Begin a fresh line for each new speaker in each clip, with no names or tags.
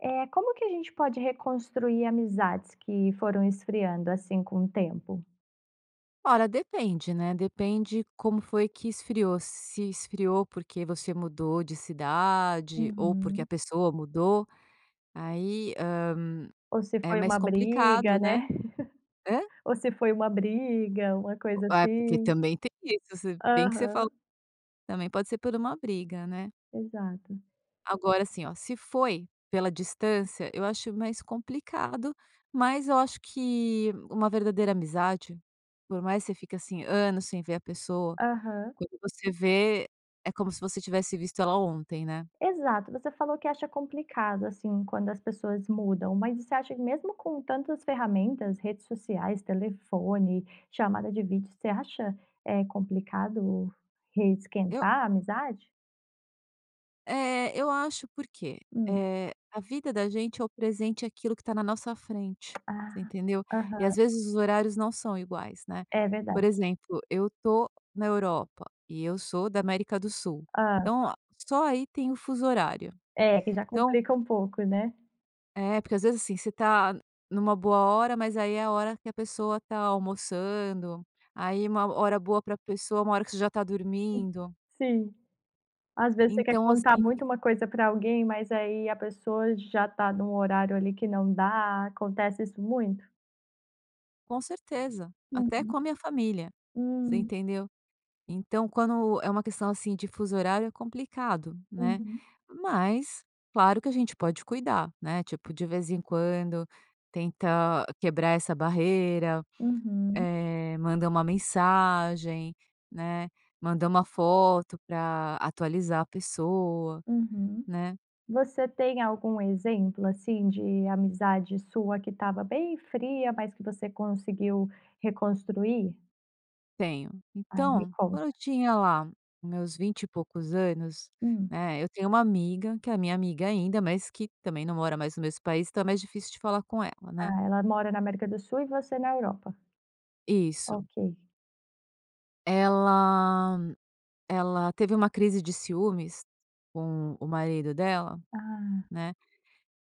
Eh. Como que a gente pode reconstruir amizades que foram esfriando, assim, com o tempo?
Olha, depende, né, depende como foi que esfriou, s se esfriou porque você mudou de cidade ou porque a
Uhum.
pessoa mudou. Aí, hã,
Ou se
é
foi
mais
uma
complicado,
briga,
né?
né?
Hã?
Ou se foi uma briga, uma
Bo
coisa
Ah, porque
assim.
também tem isso, se bem que você falou
Aham.
também pode ser por uma briga, né?
Exato.
Agora, assim, ó, se foi pela distância, eu acho mais complicado, mas eu acho que uma verdadeira amizade, por mais você fica, assim, anos sem ver a pessoa,
Aham.
quando você vê, é como se você tivesse visto ela ontem, né?
Exato. Você falou que acha complicado, assim, quando as pessoas mudam, mas você acha mesmo com tantas ferramentas, redes sociais, telefone, chamada de vídeo, você acha, eh, complicado
Eu
re-esquentar a amizade?
É, eu acho, porque,
Hum.
eh, a vida da gente é o presente, é aquilo que tá na nossa frente. Você
Ah.
entendeu? E, às
Aham.
vezes, os horários não são iguais, né?
É
Por
verdade.
exemplo: eu estou na Europa e eu sou da América do Sul,
Hã.
então, ah, só aí tem o fuso horário.
É, que já
Então
complica um pouco, né?
É porque, às vezes, assim, você tá numa boa hora, mas ,aí, é a hora que a pessoa tá almoçando, aí, uma hora boa pra pessoa, uma hora que você já está
Uhum.
dormindo.
Sim. Às vezes, você quer
Então,
contar
assim.
muito uma coisa para alguém, mas, aí, a pessoa já tá num horário ali que não dá. Acontece isso muito?
Com certeza, até com
Uhum,
a minha família, você
Hum.
entendeu. Então, quando é uma questão. assim. de fuso horário, é complicado, né.
Uhum.
Mas, claro, que a gente pode cuidar, né, tipo, de vez em quando, tenta quebrar essa barreira,
Uhum.
eh, mandar uma mensagem, né, manda uma foto pra atualizar a pessoa,
Uhum.
né.
Você tem algum exemplo, assim, de amizade sua, que estava bem fria, mas que você conseguiu reconstruir?
Tenho.
Ah, me
Então, quando eu
conta.
tinha lá, os meus vinte e poucos anos,
Hum.
né, eu tenho uma amiga, que é a minha amiga ainda, mas que, também, não mora mais no mesmo país, então, é mais difícil de falar com ela, né.
Ah, ela mora na América do Sul e você na Europa.
Isso.
Ok.
Ela, ela teve uma crise de ciúmes com o marido dela,
Ah.
né,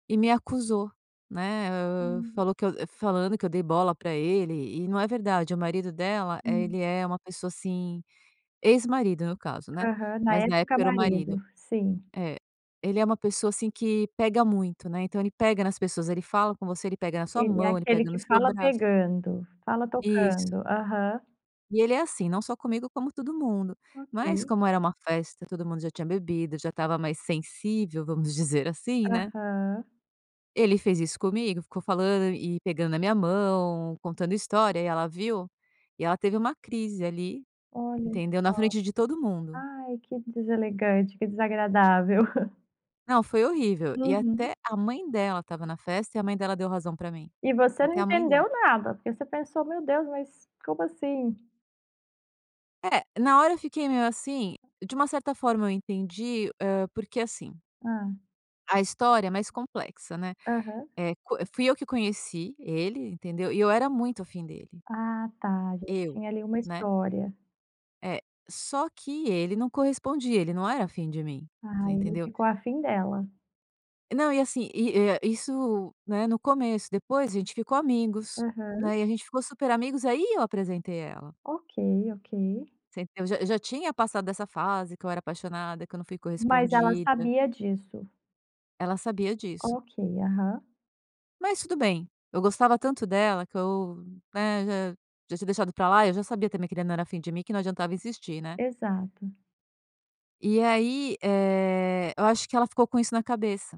e me acusou, né, hã,
Hum.
falou que eu falando que eu dei bola para ele e não é verdade, o marido dela, eh,
Hum.
ele é uma pessoa, assim, ex-marido no caso, né,
Aham. Na
mas na
época
época era o marido.
marido, sim.
É. Ele é uma pessoa, assim, que pega muito, né, então ele pega nas pessoas, ele fala com você, ele pega na sua
Ele é
mão, ele
aquele
pega no
que
seu
fala
braço.
pegando, fala
Isso.
tocando. Aham.
E ele é assim, não só comigo como todo mundo, mas
Ok.
como era uma festa, todo mundo já tinha bebido, já estava mais sensível, vamos dizer assim, né?
Aham.
Ele fez isso comigo, ficou falando e pegando na minha mão, contando história e ela viu, e ela teve uma crise ali,
Olha só.
entendeu? Na frente de todo mundo.
Ai, que deselegante, que desagradável.
Não, foi horrível. E
Uhum.
até a mãe dela estava na festa e a mãe dela deu razão pra mim,
E você não
até a mãe dela.
entendeu nada, porque você pensou: "Meu Deus. Mas como assim?"
É, na hora, eu fiquei meio assim. De uma certa forma, eu entendi, hã, porque assim
Ah.
a história é mais complexa, né.
Aham.
Eh, co fui eu que conheci ele, entendeu, e eu era muito afim dele.
Ah tá, já
Eu,
tinha ali uma
né.
história.
É. Só que ele não correspondia, ele não era fim de mim, você
Ah, ele
entendeu.
ficou a fim dela.
Não, e assim e, hã, isso, né, no começo, depois a gente ficou amigos,
Uhum.
né. E a gente ficou super amigos, aí eu apresentei à ela.
Ok, ok.
Você entendeu, eu já eu já tinha passado essa fase, que eu era apaixonada, que eu não fui
Mas ela
correspondida.
sabia disso?
Ela sabia disso.
Ok, aham.
Mas tudo bem, eu gostava tanto dela, que eu, né, já já tinha deixado pra lá, eu já sabia também que ele não era fim de mim, que não adiantava insistir, né.
Exato.
E aí, eh, eu acho que ela ficou com isso na cabeça,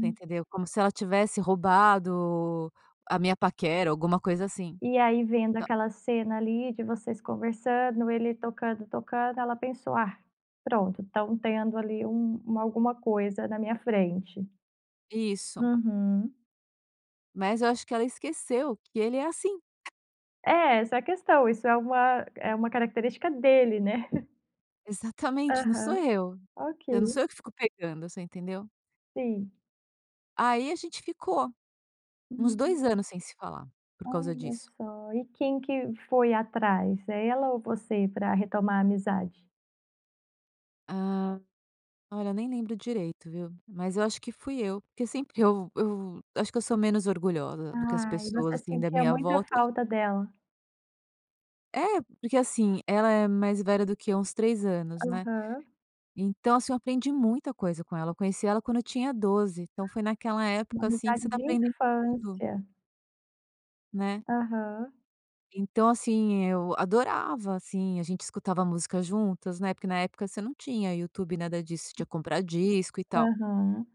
você entendeu, como se ela tivesse roubado a minha paquera, alguma coisa assim.
E aí, vendo
Tá
aquela cena ali, de vocês conversando, ele tocando, tocando, ela pensou: "Ah, pronto, estão tendo, ali, um uma alguma coisa na minha frente".
Isso.
Uhum.
Mas eu acho que ela esqueceu que ele é assim.
É, essa é a questão, isso é uma é uma característica dele, né.
Exatamente, não sou
Aham.
eu.
Ok.
Eu não sou eu que fico pegando, você entendeu.
Sim.
Aí a gente ficou uns
Hum.
2 anos sem se falar por causa
Olha
disso.
só. E quem que foi atrás, ela ou você, para retomar a amizade?
Hã, olha, eu nem lembro direito, viu, mas eu acho que fui eu, porque sempre eu eu acho que eu sou menos orgulhosa do que as
Ai,
pessoas,
você
assim, da
sentia
minha
muita
volta.
falta dela.
É, porque assim, ela é mais velha do que uns 3 anos, né.
Aham.
Então assim, eu aprendi muita coisa com ela, eu conheci ela quando eu tinha 12, então foi naquela
Uma
época, assim, que você
amizade
está
de
aprendendo tudo.
infância.
Né.
Aham.
Então assim, eu adorava, assim, a gente escutava música juntas, né, porque na época você não tinha YouTube, nada disso, você tinha que comprar disco, e tal.
Aham.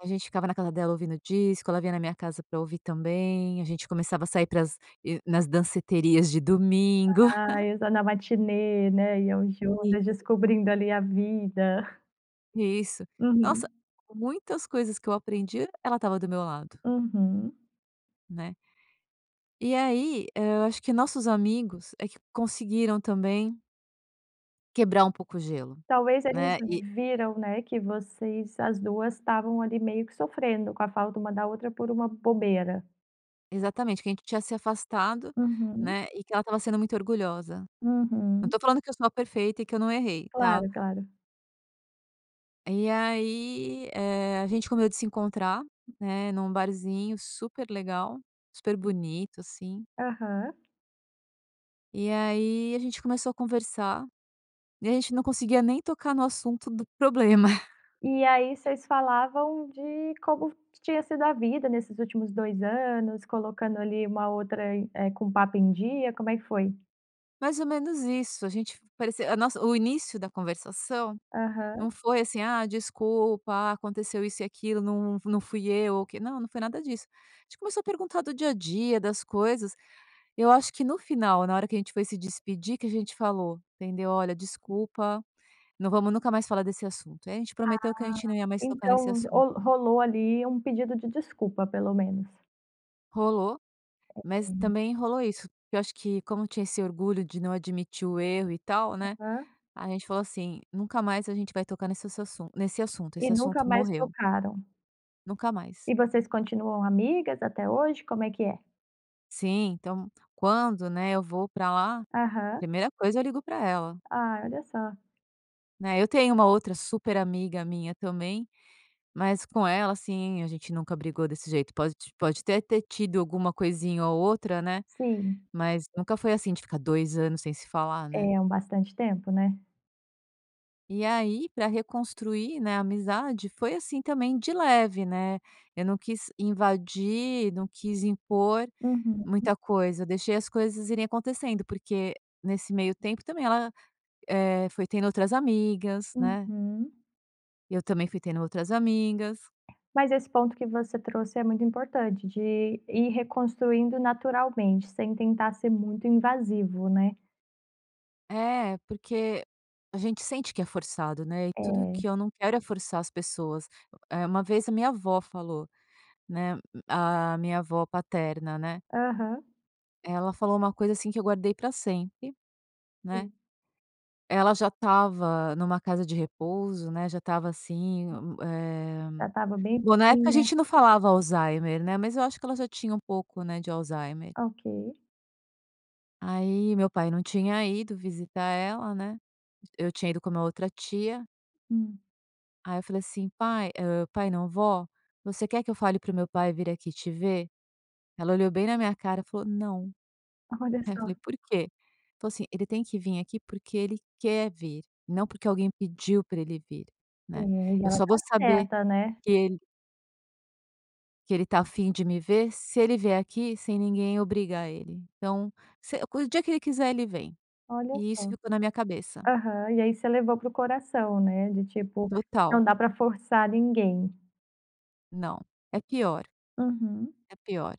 A gente ficava na casa dela ouvindo disco, ela vinha na minha casa para ouvir também, a gente começava a sair para as e, nas danceterias de domingo.
Ah, exa na matinê, né, iam
Isso.
juntas, descobrindo, ali, a vida.
Isso. Nossa,
Uhum.
muitas coisas que eu aprendi, ela estava do meu lado.
Uhum.
Né. E aí, hã, acho que nossos amigos é que conseguiram também quebrar um pouco o gelo,
Talvez eles
né. E
viram, né, que vocês as 2 estavam ali, meio que sofrendo com a falta uma da outra, por uma bobeira.
Exatamente. Que a gente tinha se afastado,
Uhum.
né, e que ela estava sendo muito orgulhosa. Não
Uhum.
tô falando que eu sou a perfeita e que eu não errei, tá.
Claro, claro.
E aí, eh, a gente combinou de se encontrar, né, num barzinho super legal, super bonito, assim.
Aham.
E aí, a gente começou a conversar. E aí a gente não conseguia nem tocar no assunto do problema.
E aí vocês falavam de como f tinha sido a vida nesses últimos 2 anos, colocando, ali, uma outra, eh, com o papo em dia. Como é que foi?
Mais ou menos isso. A gente f parecia a nossa, o início da conversação
Aham.
não foi assim: "Ah, desculpa. Ah, aconteceu isso e aquilo. Não não fui eu, o que", não, não foi nada disso. A gente começou a perguntar do dia a dia, das coisas. Eu acho que no final, na hora que a gente foi se despedir, que a gente falou, entendeu: "Olha, desculpa, não vamos nunca mais falar desse assunto". E aí a gente prometeu que a
Ah.
gente não ia mais tocar nesse
Então, o
assunto.
rolou, ali, um pedido de desculpa, pelo menos.
Rolou, mas
Uhum.
também rolou isso, porque eu acho que, como tinha esse orgulho de não admitir o erro e tal, né,
Aham.
a gente falou assim: "Nunca mais a gente vai tocar nesse assassun nesse assunto,
E
esse
nunca
assunto
mais
morreu.
tocaram.
Nunca mais.
E vocês continuam amigas até hoje, como é que é?
Sim, então, quando, né, eu vou pra lá,
Aham.
primeira coisa, eu ligo pra ela.
Ah, olha só.
Né, eu tenho uma outra super amiga minha também, mas com ela, assim, a gente nunca brigou desse jeito, pode pode até ter tido alguma coisinha ou outra, né,
Sim.
mas nunca foi assim, de ficar 2 anos sem se falar, né.
É, hum, bastante tempo, né.
E aí, pra reconstruir, né, a amizade, foi assim também de leve, né. Eu não quis invadir, não quis impor
Uhum.
muita coisa, deixei as coisas irem acontecendo, porque nesse meio tempo, também, ela, eh, foi tendo outras amigas, né.
Uhum.
Eu também fui tendo outras amigas.
Mas esse ponto que você trouxe é muito importante, de ir reconstruindo naturalmente, sem tentar ser muito invasivo, né.
É, porque a gente sente que é forçado, né, e tudo
É.
que eu não quero é forçar as pessoas. O é uma vez a minha avó falou, né, hum, a minha avó paterna, né.
Aham.
Ela falou uma coisa assim, que eu guardei para sempre, né.
Sim.
Ela já estava numa casa de repouso, né, já estava assim, m eh,
Já estava bem
bom, na época a
velhinha.
gente não falava Alzheimer, né, mas eu acho que ela já tinha um pouco, né, de Alzheimer.
Ok.
Aí meu pai não tinha ido visitar ela, né. Eu tinha ido com uma outra tia
Hum.
aí eu falei assim: "Pai, hã, pai não, vó, você quer que eu fale para o meu pai vir aqui te ver?". Ela olhou bem na minha cara, falou: "Não".
Olha
Aí eu
só.
falei: "Por quê?", falou assim: "Ele tem que vir aqui porque ele quer vir, não porque alguém pediu pra ele vir,
É,
né.
e
Eu
ela
só vou
tá
saber
certa, né.
que ele "que ele tá afim de me ver se ele vier aqui sem ninguém obrigar ele. Então, se o dia que ele quiser, ele vem",
Olha
e isso
só.
ficou na minha cabeça.
Aham. E aí você levou para o coração, né, de tipo,
Total.
não dá pra forçar ninguém.
Não, é pior.
Uhum.
É pior,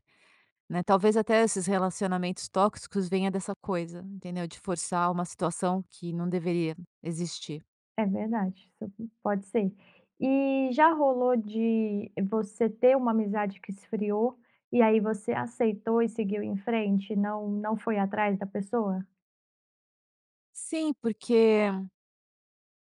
né, talvez até esses relacionamentos tóxicos venha dessa coisa, entendeu? De forçar uma situação que não deveria existir.
É verdade, [unintelligible] pode ser. E já rolou de você ter uma amizade que esfriou e aí você aceitou e seguiu em frente, não não foi atrás da pessoa?
Sim, porque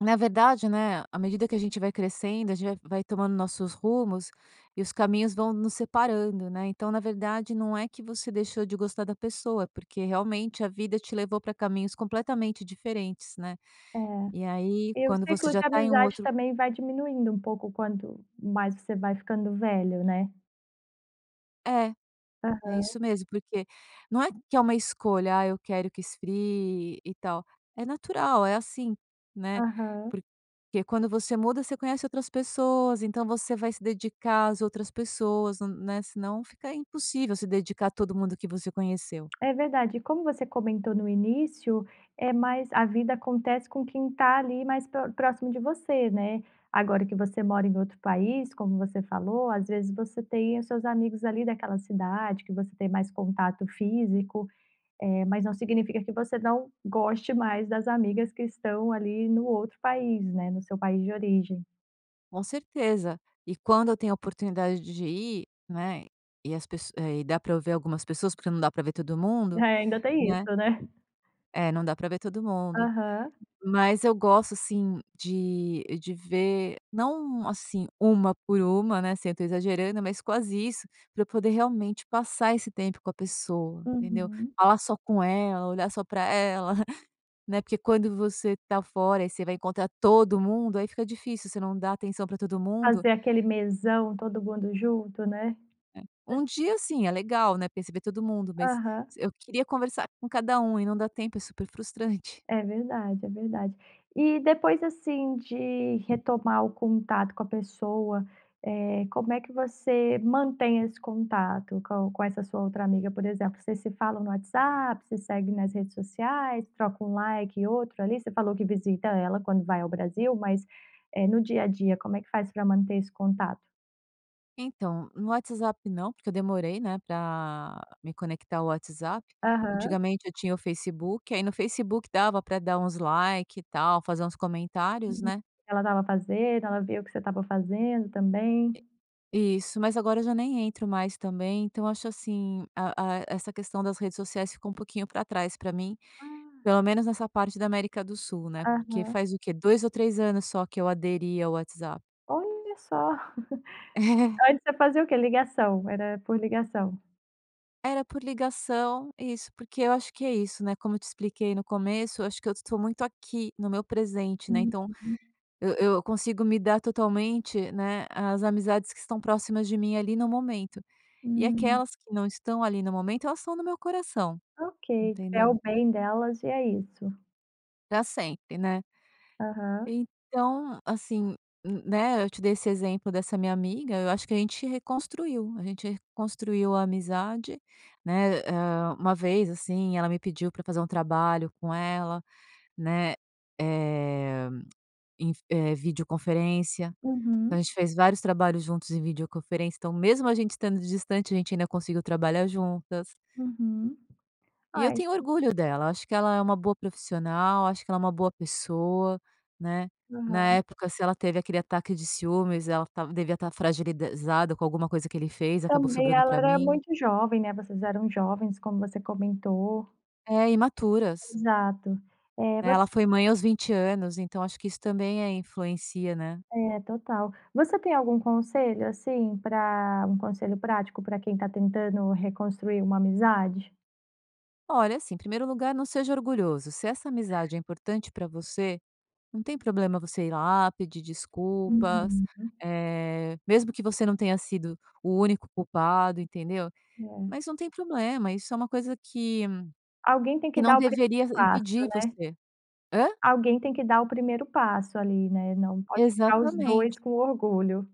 na verdade, né, à medida que a gente vai crescendo, a gente vai vai tomando nossos rumos e os caminhos vão nos separando, né, então, na verdade, não é que você deixou de gostar da pessoa, é porque, realmente, a vida te levou para caminhos completamente diferentes, né,
É,
e aí
e o
quando
ciclo
você já
de
tá em um
amizade
outro
também vai diminuindo um pouco, quanto mais você vai ficando velho, né?
É, é
Aham.
isso mesmo, porque não é que é uma escolha: "Ah, eu quero que esfrie e e tal." É natural, é assim, né,
Aham.
porque quando você muda, você conhece outras pessoas, então você vai se dedicar às outras pessoas, nã hum, né, senão fica impossível se dedicar a todo mundo que você conheceu.
É verdade e, como você comentou no início, é mais a vida acontece com quem tá ali mais pró próximo de você, né, agora que você mora em outro país, como você falou, às vezes você tem os seus amigos ali daquela cidade que você tem mais contato físico, eh, mas não significa que você não goste mais das amigas que estão ali no outro país, né, no seu país de origem.
Com certeza. E quando eu tenho a oportunidade de ir, né, e as pesso eh, e dá para eu ver algumas pessoas, porque não dá pra ver todo
É,
mundo,
ainda tem isso,
né.
né.
É, não dá pra ver todo mundo.
Aham.
Mas eu gosto, assim, de de ver não, assim, 1 por 1, né, assim, eu tô exagerando, mas quase isso, pra eu poder realmente passar esse tempo com a pessoa, entendeu.
Uhum.
Falar só com ela, olhar só para ela, né, porque quando você tá fora, e você vai encontrar todo mundo, aí fica difícil, você não dá atenção pra todo mundo.
Fazer aquele mesão, todo mundo junto, né.
Um dia assim, é legal, né, porque ai você vê todo mundo, mas
Aham.
s eu queria conversar com cada um, e não dá tempo, é super frustrante.
É verdade, é verdade. E depois assim, de retomar o contato com a pessoa, eh, como é que você mantém esse contato com com essa sua outra amiga? Por exemplo, vocês se falam no WhatsApp, se seguem nas redes sociais, troca um "like" e outro ali. Você falou que visita ela quando vai ao Brasil, mas, eh, no dia a dia, como é que faz pra manter esse contato?
Então, no WhatsApp não, porque eu demorei, né, pra me conectar ao WhatsApp.
Aham.
Antigamente eu tinha o Facebook, aí no Facebook dava pra dar uns like e tal, fazer uns comentários,
Uhum.
né?
Ela estava fazendo, ela viu o que você estava fazendo também.
Isso. Mas agora eu já nem entro mais também, então eu acho, assim, hã a essa questão das redes sociais ficou um pouquinho pra trás pra mim,
Ah.
pelo menos nessa parte da América do Sul, né, porque
Aham.
faz o quê, 2 ou 3 anos só, que eu aderi ao WhatsApp.
Olha só!
É.
Antes você fazia o quê? Ligação, era por ligação.
Era por ligação. Isso, porque eu acho que é isso, né, como eu te expliquei no começo, eu acho que eu estou muito aqui no meu presente, né? Então,
Uhum.
eu eu consigo me dar totalmente, né, às amizades que estão próximas de mim ali no momento e
Hum.
aquelas que não estão ali no momento, elas estão no meu coração,
Ok, quer
entendeu?
o bem delas e é isso.
Pra sempre, né?
Aham.
Então, assim, n né, eu te dei esse exemplo dessa minha amiga, eu acho que a gente reconstruiu, a gente reconstruiu a amizade, né? Eh hã, uma vez, assim, ela me pediu para fazer um trabalho com ela, né, eh, em f eh, videoconferência. Então, a
Uhum.
gente fez vários trabalhos juntos em videoconferência. Então, mesmo a gente estando distante, a gente ainda conseguiu trabalhar juntas.
Uhum.
E eu
Ah, isso
tenho orgulho dela. Eu acho que ela é uma boa profissional, acho que ela é uma boa pessoa, né? Na
Aham.
época, se ela teve aquele ataque de ciúmes, ela tava devia estar fragilizada com alguma coisa que ele fez, acabou
Também
sobrando
ela
pra
era
mim.
muito jovem, né? Vocês eram jovens, como você comentou.
É, imaturas.
Exato. Eh,
Né, ela
você
foi mãe aos 20 anos, então acho que isso também a influencia, né.
É, total. Você tem algum conselho, assim, para um conselho prático, para quem está tentando reconstruir uma amizade?
Olha, assim, primeiro lugar, não seja orgulhoso. Se essa amizade é importante para você, não tem problema você ir lá, pedir desculpas,
Uhum.
eh, mesmo que você não tenha sido o único culpado, entendeu.
É.
Mas não tem problema, isso é uma coisa que
Alguém tem
que
que
não
dar o
deveria
primeiro passo,
impedir
né.
você. Hã?
Alguém tem que dar o primeiro passo, ali, né, não pode ficar os
Exatamente.
2 com orgulho.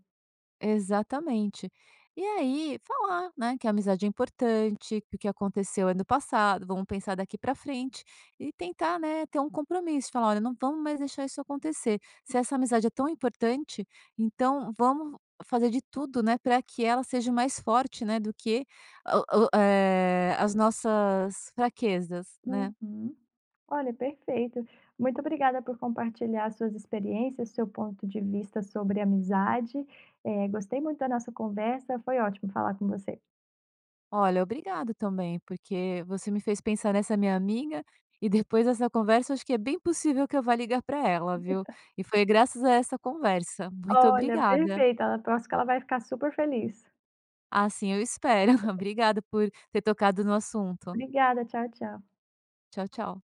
Exatamente. E aí falar, né, "Que a amizade é importante, que o que aconteceu é no passado, vamos pensar daqui para frente". E tentar, né, ter um compromisso, e falar: "Olha, não vamos mais deixar isso acontecer. Se essa amizade é tão importante, então vamos fazer de tudo, né, pra que ela seja mais forte, né, do que o o, eh, as nossas fraquezas, né".
Uhum. Olha, perfeito. Muito obrigada por compartilhar as suas experiências, seu ponto de vista sobre amizade. Eh, gostei muito da nossa conversa, foi ótimo falar com você.
Olha, obrigado também, porque você me fez pensar nessa minha amiga, e depois essa conversa, eu acho que é bem possível que eu vá ligar pra ela, viu. E foi graças a essa conversa, muito
Olha,
obrigada.
perfeita, ela eu acho que ela vai ficar super feliz.
Assim eu espero, obrigado por ter tocado no assunto.
Obrigada, tchau, tchau.
Tchau, tchau.